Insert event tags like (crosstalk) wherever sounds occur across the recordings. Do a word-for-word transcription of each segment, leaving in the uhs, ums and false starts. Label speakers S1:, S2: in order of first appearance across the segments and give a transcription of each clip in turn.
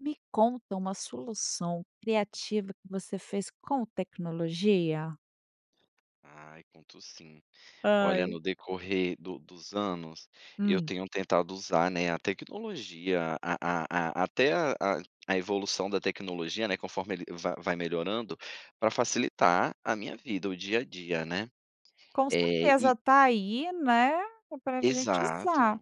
S1: Me conta uma solução criativa que você fez com tecnologia?
S2: Ai, conto sim, olha,
S1: Ai.
S2: no decorrer do dos anos, eu
S1: Hum.
S2: tenho tentado usar, né, a tecnologia, a a a até a a evolução da tecnologia, né, conforme ele va vai melhorando pra facilitar a minha vida, o dia a dia, né,
S1: Com
S2: eh, e
S1: certeza, tá aí, né, é pra gente
S2: Exato.
S1: usar.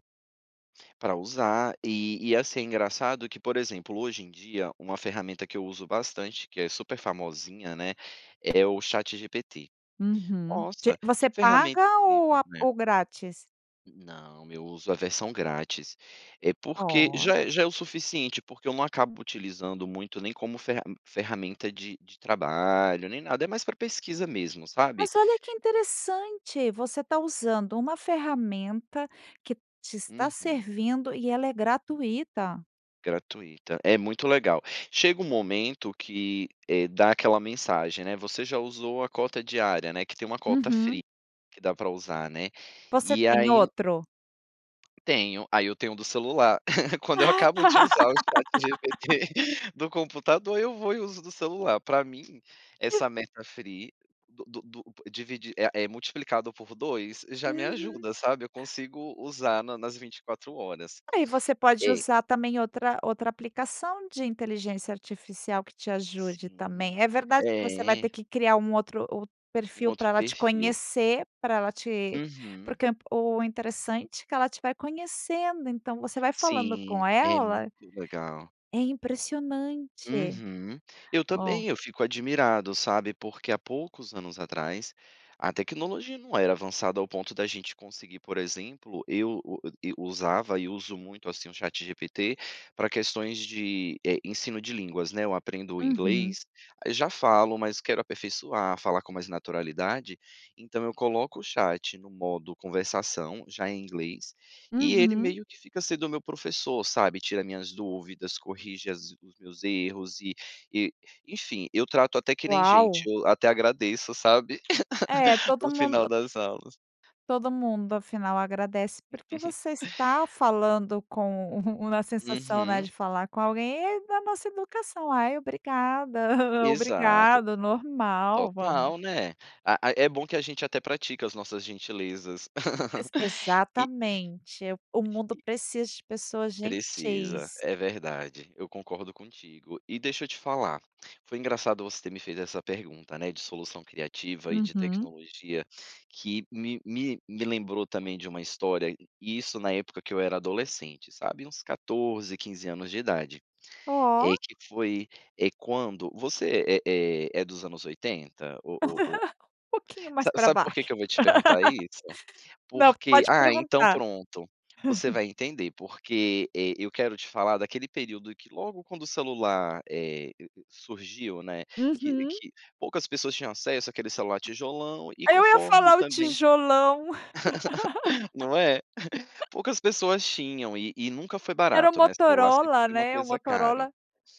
S2: Pra usar e e, assim, engraçado que, por exemplo, hoje em dia, uma ferramenta que eu uso bastante, que é super famosinha, né, é o Chat GPT,
S1: Uhum, de
S2: nossa que
S1: você paga
S2: ferramenta
S1: ou
S2: incrível,
S1: a
S2: né.
S1: ou grátis?
S2: Não, eu uso a versão grátis, é porque
S1: Oh.
S2: já é já é o suficiente, porque eu não acabo utilizando muito, nem como ferra ferramenta de de trabalho, nem nada, é mais pra pesquisa mesmo, sabe.
S1: Mas, olha que interessante! Você tá usando uma ferramenta que te está
S2: Uhum.
S1: servindo e ela é gratuita.
S2: Gratuita, é muito legal, chega um momento que, eh, dá aquela mensagem, né, você já usou a cota diária, né, que tem uma cota free
S1: Uhum.
S2: que dá pra usar, né,
S1: Você
S2: e
S1: tem
S2: aí
S1: outro?
S2: Tenho aí eu tenho do celular, (giggles) quando eu acabo de usar o chat
S1: (laughs)
S2: GPT do computador, eu vou e uso do celular para mim, essa meta free do do do dividi é é multiplicado por dois, já me
S1: Uhum.
S2: ajuda, sabe, eu consigo usar na nas vinte e quatro horas horas,
S1: Aí você pode
S2: eh
S1: usar também outra outra aplicação de inteligência artificial que te ajude também,
S2: Sim,
S1: é verdade que você vai ter
S2: eh.
S1: que criar um outro outro
S2: Um
S1: perfil
S2: outro
S1: para ela te
S2: perfil.
S1: conhecer pra ela te
S2: Uhum.
S1: porque o interessante é que ela te vai conhecendo, então você vai falando
S2: Sim,
S1: com
S2: é
S1: ela,
S2: muito legal.
S1: é impressionante,
S2: Uhum, eu
S1: ó
S2: também eu fico admirado, sabe, porque há poucos anos atrás a tecnologia não era avançada ao ponto da gente conseguir, por exemplo, eu usava e uso muito, assim, o chat GPT pra questões de, eh, ensino de línguas, né, eu aprendo
S1: Uhum.
S2: inglês, aí já falo, mas quero aperfeiçoar, falar com mais naturalidade, então eu coloco o chat no modo conversação, já em inglês e ele
S1: Uhum.
S2: meio que fica sendo o meu professor, sabe, tira as minhas dúvidas, corrige as os meus erros e e enfim, eu trato até que nem gente,
S1: Uau.
S2: eu até agradeço, sabe,
S1: É
S2: (chuckles)
S1: todo
S2: no final
S1: mundo
S2: das aulas.
S1: todo mundo, afinal, agradece, porque você está
S2: (chuckles)
S1: falando com uma sensação, né,
S2: Uhum
S1: de falar com alguém, e aí da nossa educação, "ai, obrigada,
S2: Exato,
S1: obrigado", normal, vamos
S2: total, né, ah ah, é bom que a gente até pratica as nossas gentilezas
S1: Ex
S2: e
S1: exatamente, o mundo
S2: e
S1: precisa de pessoas
S2: Precisa,
S1: gentis.
S2: é verdade, eu concordo contigo e deixa eu te falar, foi engraçado você ter me fez essa pergunta, né, de solução criativa e de
S1: Uhum.
S2: tecnologia que me me me lembrou também de uma história, e isso na época que eu era adolescente, sabe uns quatorze, quinze anos de idade, é
S1: Oh.
S2: que foi, eh, quando você é é é dos anos oitenta? O o o
S1: (chuckles) Um pouquinho mais
S2: Sa
S1: para
S2: sabe porque
S1: baixo,
S2: que eu vou te perguntar isso,
S1: (laughs) não,
S2: porque
S1: pode
S2: ah, então
S1: perguntar.
S2: pronto, você
S1: (chuckles)
S2: vai entender, porque eh, eu quero te falar daquele período que logo quando o celular, eh, surgiu, né, que
S1: Uhum.
S2: que poucas pessoas tinham acesso àquele celular tijolão e
S1: Aí eu ia
S2: conforme
S1: falar o
S2: também,
S1: tijolão.
S2: (laughs) não é,
S1: (laughs)
S2: poucas pessoas tinham e e nunca foi
S1: Era o
S2: barato, né, celular sempre
S1: Motorola,
S2: foi uma
S1: né, o
S2: coisa caro,
S1: Motorola,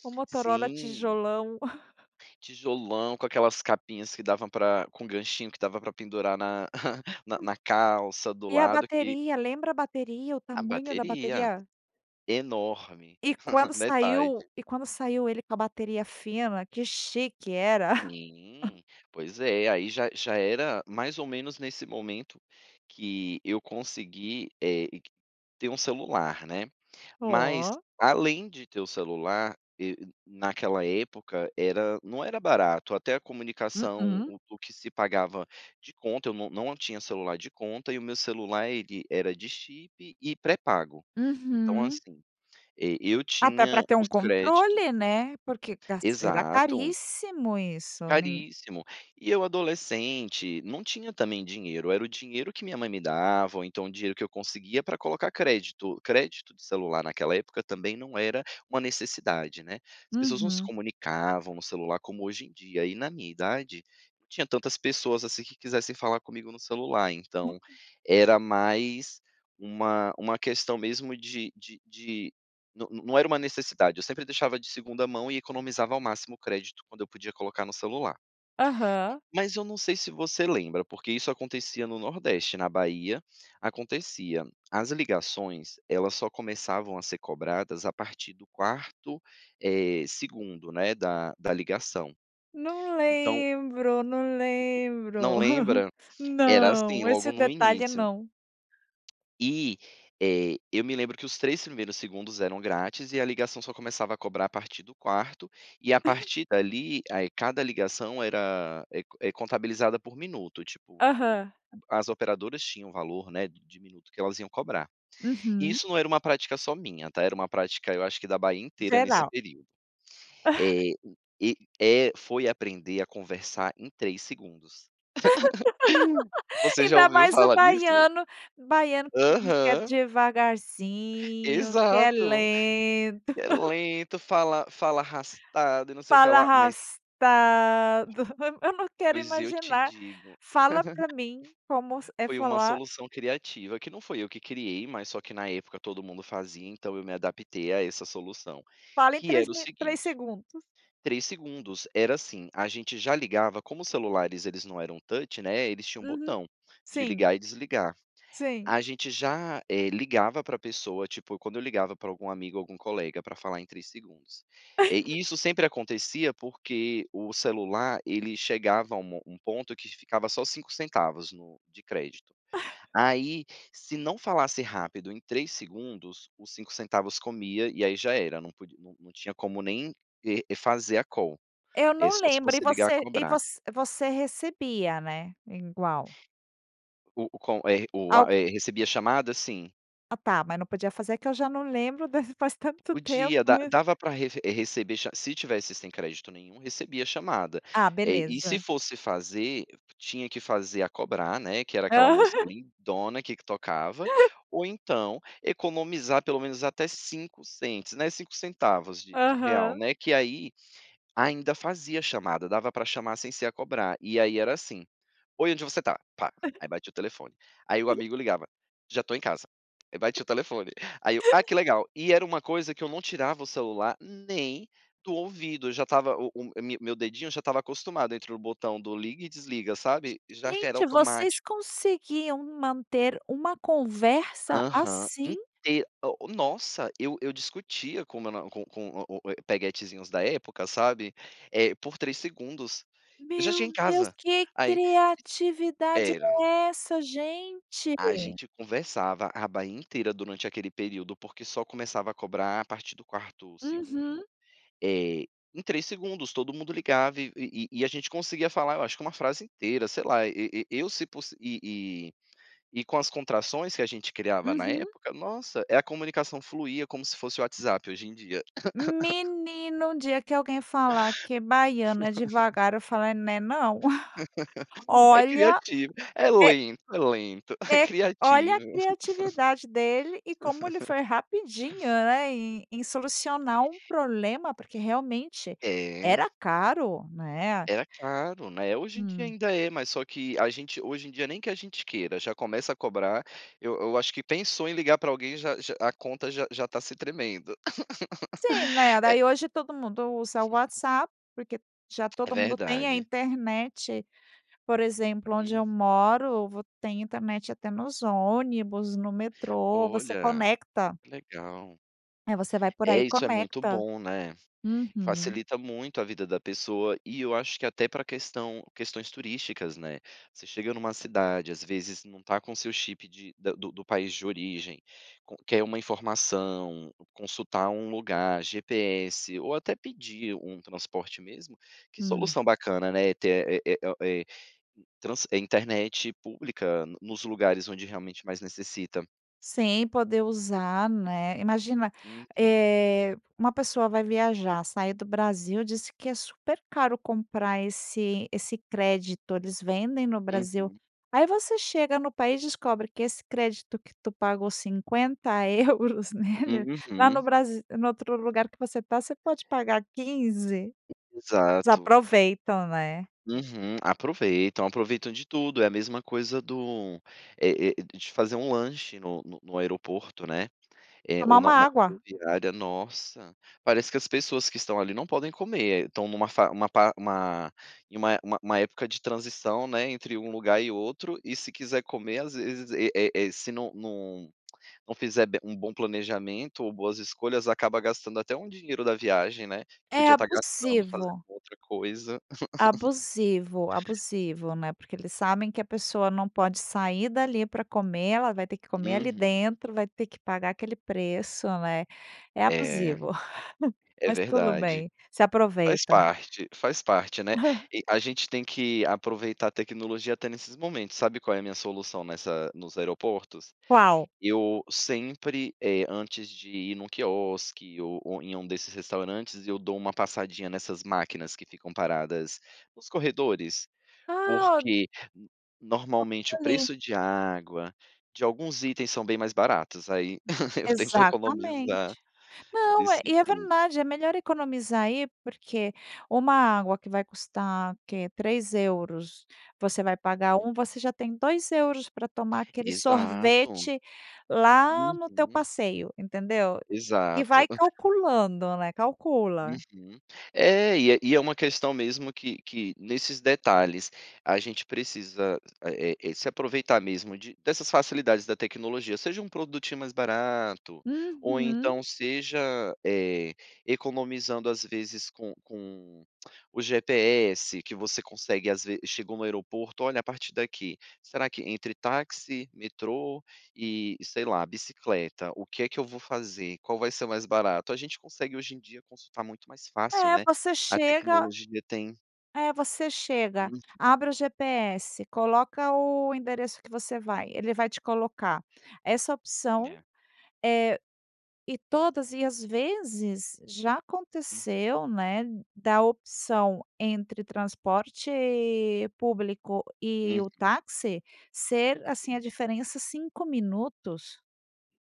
S1: o Motorola
S2: sim.
S1: tijolão. (chuckles)
S2: Tijolão, com aquelas capinhas que dava pra com ganchinho que dava para pendurar na (chuckles) na na calça do
S1: E a
S2: lado que
S1: bateria, lembra a bateria, o
S2: A
S1: tamanho da
S2: bateria,
S1: bateria.
S2: enorme
S1: E quando
S2: (chuckles)
S1: saiu
S2: metade.
S1: e quando saiu ele com a bateria fina, que chique era. (chuckles)
S2: Sim, pois é, aí já já era mais ou menos nesse momento que eu consegui, eh, e ter um celular, né, mas
S1: Oh.
S2: além de ter o celular e naquela época era não era barato até a comunicação,
S1: Mm-mm.
S2: o o que se pagava de conta, eu não não tinha celular de conta e o meu celular ele era de chip e pré-pago, então
S1: Uhum.
S2: assim, eh, eu
S1: Até
S2: tinha
S1: pra ter
S2: os
S1: um
S2: créditos.
S1: controle, né, porque era
S2: Exato.
S1: caríssimo isso nem
S2: Caríssimo, e eu adolescente não tinha também dinheiro, era o dinheiro que minha mãe me dava, ou então o dinheiro que eu conseguia pra colocar crédito, crédito de celular naquela época também não era uma necessidade, né, as pessoas não se
S1: Uhum.
S2: comunicavam no celular, como hoje em dia e na minha idade, não tinha tantas pessoas, assim, que quisessem falar comigo no celular, então
S1: Hum.
S2: era mais uma uma questão mesmo de de de não não era uma necessidade, eu sempre deixava de segunda mão e economizava ao máximo o crédito quando eu podia colocar no celular
S1: Aham.
S2: mas eu não sei se você lembra, porque isso acontecia no Nordeste, na Bahia, acontecia as ligações elas só começavam a ser cobradas a partir do quarto, eh, segundo, né, da da ligação.
S1: Não
S2: Então.
S1: lembro, não lembro.
S2: Não
S1: (chuckles)
S2: lembra? Era assim
S1: Não, esse
S2: logo no
S1: detalhe
S2: início.
S1: não.
S2: E, eh, eu me lembro que os três primeiros segundos eram grátis e a ligação só começava a cobrar a partir do quarto, e a
S1: (chuckles)
S2: partir dali a cada ligação era é é contabilizada por minuto, tipo
S1: Aham.
S2: as operadoras tinham o valor, né, de minuto que elas iam cobrar e
S1: Uhum.
S2: isso não era uma prática só minha, tá, era uma prática, eu acho que da Bahia inteira nesse
S1: Geral.
S2: período,
S1: (chuckles)
S2: eh, e e foi aprender a conversar em três segundos, (chuckles)
S1: (laughs)
S2: você já
S1: Ainda
S2: ouviu
S1: mais o
S2: falar nisso?
S1: baiano baiano, que diz que é
S2: Aham.
S1: devagarzinho, que é
S2: Exato,
S1: lento.
S2: é lento, fala fala arrastado e não sei o que
S1: Fala
S2: lá, mas
S1: arrastado, eu não quero
S2: Pois eu te
S1: imaginar
S2: digo.
S1: fala para
S2: (giggles)
S1: mim como é
S2: Foi uma
S1: falar
S2: solução criativa que não foi eu que criei, mas só que na época todo mundo fazia, então eu me adaptei a essa solução,
S1: Fala em
S2: que
S1: três
S2: era o
S1: mi três
S2: seguinte,
S1: segundos.
S2: três segundos. Era assim, a gente já ligava como os celulares, eles não eram touch, né, eles tinham um
S1: Uhum,
S2: botão de
S1: sim.
S2: ligar e desligar,
S1: Sim.
S2: a gente já, eh, ligava pra a pessoa tipo quando eu ligava pra algum amigo, algum colega pra falar em três segundos, eh, e
S1: (laughs)
S2: isso sempre acontecia, porque o celular ele chegava a um mo um ponto que ficava só cinco centavos no de crédito,
S1: (chuckles)
S2: ai se não falasse rápido em três segundos, os cinco centavos comia, e aí já era, não podi não não tinha como nem e fazer a call,
S1: Eu
S2: e
S1: não
S2: só se
S1: lembro e
S2: fosse ligar a
S1: você e
S2: cobrar.
S1: você você recebia, né, ingual.
S2: O o com é o
S1: (unintelligible)
S2: é, recebi a chamada? Sim.
S1: Ah tá, mas não podia fazer que eu já não lembro desse, faz tanto tempo.
S2: Podia da dava para reve receber cha se tivesse sem crédito nenhum, recebia chamada.
S1: Ah,
S2: Eh, e se
S1: beleza.
S2: fosse fazer, tinha que fazer a cobrar, né, que era aquela
S1: Ah.
S2: música
S1: (giggles)
S2: lindona que que tocava, ou então economizar pelo menos até cinco cents, né, cinco centavos de de real,
S1: Aham.
S2: né. Que aí ainda fazia chamada, dava pra chamar sem ser a cobrar. E aí era assim: "Oi onde você tá", pá. E
S1: (chuckles)
S2: aí batia o telefone, aí o
S1: (chuckles)
S2: amigo ligava: "Já estou em casa", eu batia o telefone, aí eu: "Ah, que
S1: (chuckles)
S2: legal", e era uma coisa que eu não tirava o celular nem do ouvido. Eu já estava o o me meu dedinho já estava acostumado entre o botão do liga e desliga, sabe, já que era
S1: Gente, vocês
S2: automático.
S1: conseguiam manter uma conversa
S2: Aham.
S1: assim?
S2: Inte o nossa eu eu discutia com meu na com com o o eh, peguetezinhos da época, sabe, eh, por três segundos: "Eu já
S1: Meu
S2: cheguei em
S1: Deus,
S2: casa!".
S1: que
S2: Aí
S1: criatividade
S2: Era.
S1: é essa gente?
S2: A gente conversava, a Bahia inteira durante aquele período, porque só começava a cobrar a partir do quarto segundo,
S1: Uhum.
S2: eh, em três segundos, todo mundo ligava e e e e a gente conseguia falar, eu acho que é uma frase inteira, sei lá. E e e eu se pos e e e e com as contrações que a gente criava na
S1: Uhum.
S2: época, nossa, é a comunicação fluía como se fosse o WhatsApp hoje em dia. (laughs)
S1: Menino, um dia que alguém falar que baiano é
S2: (laughs)
S1: devagar, eu falo: "é né não".
S2: É
S1: Olha.
S2: criativo, é
S1: É
S2: lento, é lento, é
S1: É. Olha a
S2: criativo. (chuckles)
S1: criatividade dele e como ele foi
S2: (laughs)
S1: rapidinho, né, em em solucionar um problema. Porque realmente
S2: É.
S1: era caro, né.
S2: Era caro, né. Hoje em dia
S1: Hum.
S2: ainda é, mas só que a gente hoje em dia, nem que a gente queira, já começa a cobrar. Eu eu acho que pensou em ligar pra alguém, já já a conta já já tá se tremendo.
S1: Sim, né.
S2: (laughs) Eh.
S1: Daí hoje todo mundo usa o WhatsApp, porque já
S2: É
S1: todo mundo tem a
S2: verdade.
S1: internet, por exemplo, onde eu
S2: Uhum.
S1: moro, vo tem internet até nos ônibus, no metrô, você
S2: Olha,
S1: conecta.
S2: que legal.
S1: É, você vai por aí
S2: É
S1: e
S2: isso, é muito
S1: conecta.
S2: bom, né.
S1: Uhum.
S2: Facilita muito a vida da pessoa. E eu acho que até pra questão questões turísticas, né. Você chega numa cidade, às vezes não está com o seu chip de da do do país de origem com quer uma informação, consultar um lugar, GPS ou até pedir um transporte mesmo, que
S1: Hum.
S2: solução bacana, né. É ter é é o é trans internet pública nos lugares onde realmente mais necessita.
S1: Sem poder usar, né. Imagina,
S2: Uhum.
S1: eh, uma pessoa vai viajar, sair do Brasil disse que é super caro comprar esse esse crédito. Eles vendem no Brasil
S2: Uhum.
S1: aí você chega no país e descobre que esse crédito que tu pagou cinquenta euros (chuckles) nele, lá
S2: Uhum.
S1: no bras no outro lugar que você tá, você pode pagar quinze. Eles
S2: Exato.
S1: aproveitam, né.
S2: Uhum. Aproveitam, aproveitam de tudo. É a mesma coisa do eh eh, de fazer um lanche no no no aeroporto, né, eh, ou
S1: Tomar
S2: na
S1: uma
S2: na
S1: água.
S2: rodoviária. Nossa, parece que as pessoas que estão ali não podem comer, estão numa fa uma pa uma em uma uma uma época de transição, né, entre um lugar e outro. E se quiser comer às vezes, eh eh eh, se não não não não fizer be um bom planejamento ou boas escolhas, acaba gastando até um dinheiro da viagem, né.
S1: É
S2: Podia estar gastando, fazendo
S1: abusivo.
S2: outra coisa. (laughs)
S1: Abusivo, abusivo, né. Porque eles sabem que a pessoa não pode sair dali pra comer, ela vai ter que comer ali
S2: Uhum.
S1: dentro, vai ter que pagar aquele preço, né. É
S2: É,
S1: abusivo, (chuckles)
S2: é
S1: mas tudo
S2: verdade.
S1: bem, se
S2: Faz
S1: aproveitam.
S2: parte, faz parte, né.
S1: (chuckles)
S2: E a gente tem que aproveitar a tecnologia até nesses momentos. Sabe qual é a minha solução nessa nos aeroportos?
S1: Qual?
S2: Eu sempre, eh, antes de ir no quiosque ou em em um desses restaurantes, eu dou uma passadinha nessas máquinas que ficam paradas nos corredores,
S1: Ah, o
S2: porque normalmente o
S1: (unintelligible)
S2: preço de água de alguns itens são bem mais baratos. Aí (laughs) eu tento economizar
S1: Exatamente. Não,
S2: desse
S1: é e é
S2: jeito.
S1: verdade, é melhor economizar aí porque uma água que vai custar, o que, três euros, você vai pagar um, você já tem dois euros pra tomar aquele
S2: Exato.
S1: sorvete lá no teu
S2: Uhum.
S1: passeio, entendeu. E
S2: Exato.
S1: vai calculando, né, calcula.
S2: Uhum. É, e é e é uma questão mesmo que que nesses detalhes a gente precisa, eh eh eh, se aproveitar mesmo de dessas facilidades da tecnologia, seja um produtinho mais barato ou
S1: Uhum.
S2: então seja, eh, economizando às vezes, com com o GPS que você consegue Às vezes, chegou no aeroporto: "Olha, a partir daqui, será que entre táxi, metrô e sei lá bicicleta, o que é que eu vou fazer? Qual vai ser mais barato?" A gente consegue hoje em dia consultar muito mais fácil,
S1: É,
S2: né.
S1: você
S2: A
S1: chega
S2: tecnologia tem
S1: É, você chega,
S2: Uhum.
S1: abre o GPS, coloca o endereço que você vai, ele vai te colocar essa opção,
S2: É.
S1: eh, e todas e, às vezes, já
S2: Hum.
S1: aconteceu, né, da opção entre transporte público e
S2: Uhum.
S1: o táxi ser, assim, a
S2: Sim.
S1: diferença cinco minutos.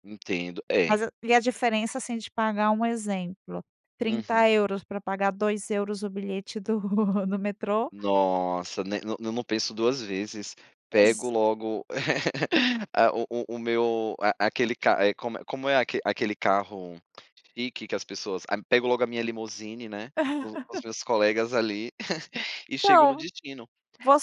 S2: Entendo. É.
S1: Mas a e a diferença assim, de pagar, um exemplo,
S2: Uhum.
S1: trinta euros pra pagar, dois euros o bilhete do do metrô.
S2: Nossa, né, não não eu não penso duas vezes, pego
S1: Ex
S2: logo (laughs) a o o o meu a aquele ca eh, como é como é aque aquele carro chique que as pessoas a pego logo a minha limousine, né, com com os
S1: (chuckles)
S2: meus colegas ali (chuckles) e chego no
S1: Então,
S2: destino.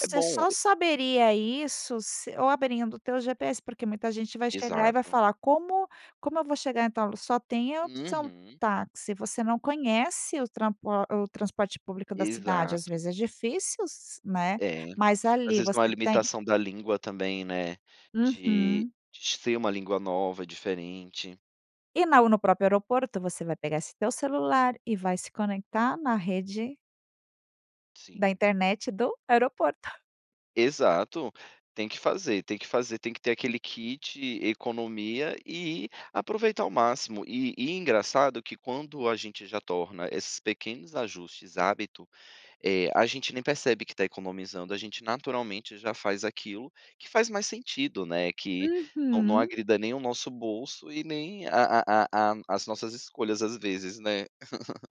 S2: É bom
S1: só
S2: e
S1: saberia isso se ou abrindo o teu GPS, porque muita gente vai chegar e vai
S2: Exato.
S1: falar "Como como eu vou chegar em tal lu", só tem a opção
S2: Uhum.
S1: táxi, você não conhece o trampo o a o transporte público da cidade. Às
S2: Exato.
S1: vezes, é difícil s né,
S2: É.
S1: mas
S2: Às
S1: ali
S2: vezes, numa
S1: você tem
S2: limitação da língua também, né, de
S1: Uhum.
S2: de ser uma língua nova, diferente.
S1: E na no próprio aeroporto, você vai pegar esse teu celular e vai se conectar na rede da
S2: Sim.
S1: internet do aeroporto.
S2: Exato. Tem que fazer tem que fazer, tem que ter aquele kit economia e aproveitar ao máximo. E e engraçado que quando a gente já torna esses pequenos ajustes, hábito, eh, a gente nem percebe que tá economizando. A gente, naturalmente, já faz aquilo que faz mais sentido, né, que não não
S1: Uhum.
S2: agrida nem o nosso bolso e nem a a a a as nossas escolhas, às vezes, né.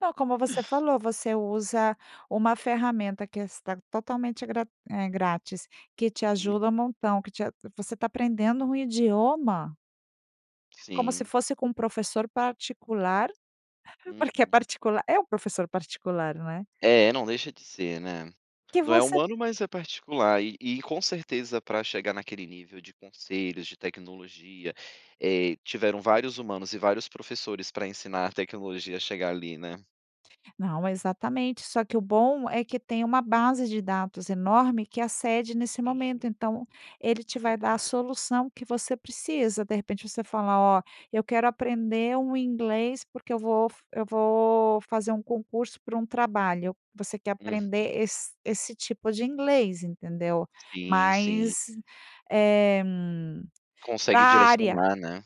S1: Não, como você falou, você usa uma ferramenta que está totalmente grat eh, grátis, que te
S2: Uhum.
S1: ajuda um montão que te a você tá aprendendo um idioma como se
S2: Sim.
S1: fosse com um professor particular, porque é
S2: Uhum.
S1: particular, é um professor particular, né.
S2: É, não deixa de ser, né.
S1: Que
S2: Não é
S1: você
S2: humano, mas é particular e e com certeza para chegar naquele nível de conselhos, de tecnologia, eh, tiveram vários humanos e vários professores pra ensinar a tecnologia a chegar ali, né.
S1: Não, exatamente. Só que o bom é que tem uma base de dados enorme que acede nesse
S2: Sim.
S1: momento, então ele te
S2: É
S1: vai dar a
S2: verdade.
S1: solução que você precisa. De repente você fala: "Ó, eu quero aprender um inglês, porque eu vou f eu vou fazer um concurso para um trabalho." Você quer
S2: Uhum.
S1: aprender esse esse tipo de inglês, entendeu?
S2: Sim, sim.
S1: Mas é pra
S2: Consegue
S1: área
S2: direcionar, né?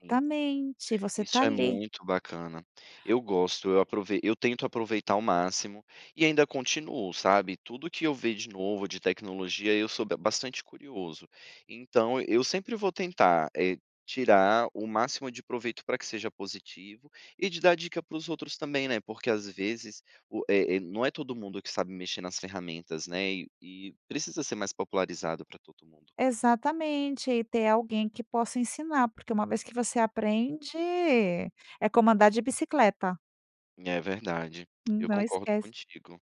S2: Sim.
S1: você está
S2: Isso é
S1: ali.
S2: muito bacana, eu gosto, eu aprovei eu tento aproveitar o máximo e ainda continuo, sabe, tudo o que eu ver de novo de tecnologia, eu sou be bastante curioso, então eu sempre vou tentar, eh, tirar o máximo de proveito pra que seja positivo e de dar dica para os outros também, né. Porque às vezes o eh eh, não é todo mundo que sabe mexer nas ferramentas, né. E e precisa ser mais popularizado pra todo mundo.
S1: Exatamente. E ter alguém que possa ensinar, porque uma vez que você aprende, é como andar de bicicleta.
S2: É verdade,
S1: Hum,
S2: eu
S1: não
S2: concordo
S1: esquece
S2: contigo.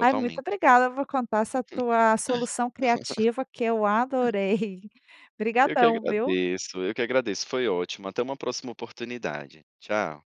S1: Ai, muito obrigada. Eu vou contar essa tua solução criativa que eu
S2: (laughs)
S1: adorei.
S2: Eu
S1: (chuckles)
S2: que
S1: Obrigadão, viu.
S2: agradeço eu que agradeço. Foi ótimo, até uma próxima oportunidade. Tchau.